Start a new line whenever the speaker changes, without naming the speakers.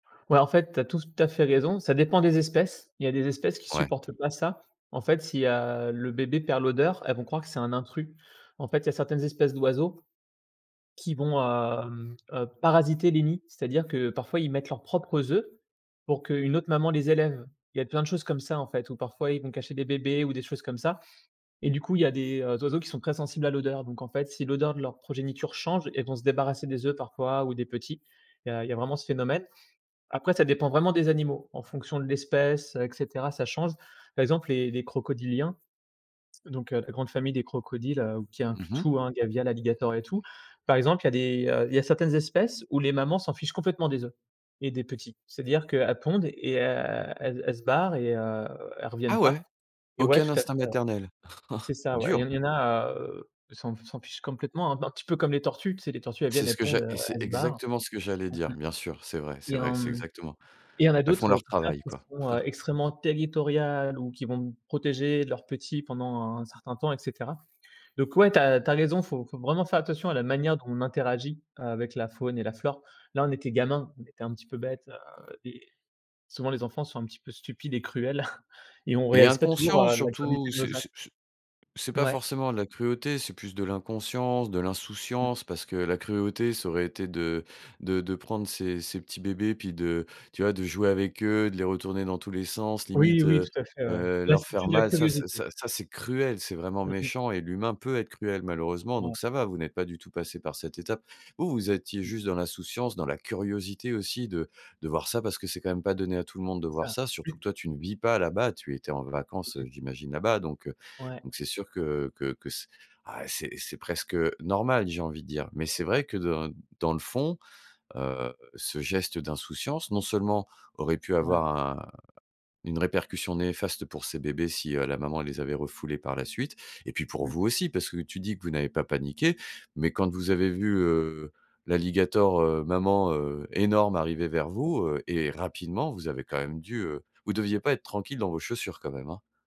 Ouais, en fait, tu as tout à fait raison, ça dépend des espèces. Il y a des espèces qui
Ouais.
supportent pas ça. En fait si, heu, le bébé perd l'odeur, elles vont croire que c'est un intrus. En fait, il y a certaines espèces d'oiseaux qui vont, hem, heu, parasiter les nids, c'est-à-dire que parfois ils mettent leurs propres œufs, pour qu'une autre maman les élève. Il y a plein de choses comme ça en fait, ou parfois ils vont cacher des bébés ou des choses comme ça, et du coup il y a des, heu, oiseaux qui sont très sensibles à l'odeur. Donc en fait si l'odeur de leur progéniture change, elles vont se débarrasser des œufs parfois ou des petits, il y a il y a vraiment ce phénomène. Après, ça dépend vraiment des animaux. En fonction de l'espèce, heu, et cetera, ça change. Par exemple, les les crocodiliens, donc heu, la grande famille des crocodiles, heu, qui inclut
Mmh mh.
tout hein, gavial, alligator et tout. Par exemple, il y a des, heu il y a certaines espèces, où les mamans s'en fichent complètement des œufs et des petits. C'est-à-dire qu'elles pondent et e elles elles se barrent et heu, elles reviennent
Ah ouais!
pas et ouais,
Aucun
tout à fait,
instinct
ouais.
maternel.
C'est ça ouais, et il y
Dur.
en il y en a, heu, elles s'en f elles s'en fichent complètement, un p un petit peu comme les tortues. Tu sais les tortues elles
C'est
viennent,
ce
elles
que
pondent,
j'a
heu,
et c'est
elles se barrent.
exactement ce que j'allais dire. Bien sûr. C'est vrai,
Mmh mh,
c'est
et
vrai,
en,
c'est
mmh,
exactement
et il y a en
elles font
d'autres, heu, au
leur
contraire,
travail
qui
quoi.
sont, heu, extrêmement territoriales ou qui vont protéger leurs petits pendant un certain temps et cetera. Donc ouais tu as tu as raison, faut faut vraiment faire attention à la manière dont on interagit, avec la faune et la flore. Là, on était gamins, on était un petit peu bêtes, heu, et souvent, les enfants sont un petit peu stupides et cruels et on
Et
réalise pas toujours,
inconscient
heu, la
surtout!
gravité de
C'est
nos actes.
c'est c'est c'est pas
Ouais.
forcément de la cruauté, c'est plus de l'inconscience, de
Mmh.
l'insouciance, parce que la cruauté, ça aurait été de de de prendre ces ces petits bébés, puis de tu vois de jouer avec eux, de les retourner dans tous les sens,
Oui,
limite,
oui,
heu
tout à fait ouais.
heu,
Là
leur
c'était
faire
plus de la
mal. Ça ça
curiosité.
ça ça c'est cruel, c'est vraiment
Mmh mh.
méchant et l'humain peut être cruel malheureusement, donc
Ouais.
ça va, vous n'êtes pas du tout passés par cette étape. Vous, vous étiez juste dans l'insouciance, dans la curiosité aussi de de voir ça, parce que c'est quand même pas donné à tout le monde de
C'est
voir
ça.
ça,
Oui.
surtout que toi, tu ne vis pas là-bas, tu étais en vacances, heu,
[unintelligible]
j'imagine là-bas donc, heu,
Ouais.
donc c'est sûr que que que c ah c'est c'est presque, normal, j'ai envie de dire. Mais c'est
[unintelligible]
vrai que dans dans le fond, heu, ce geste d'insouciance, non seulement, aurait pu
Ouais.
avoir un une répercussion néfaste pour ces bébés si, heu, la maman les avait refoulés par la suite, et puis pour
Mmh.
vous aussi, parce que tu dis que vous n'avez pas paniqué. Mais quand vous avez vu, heu, l'alligator, heu, maman, heu, énorme arriver vers vous, heu, et rapidement vous avez quand même dû heu, vous deviez pas être tranquilles dans vos chaussures quand même hein.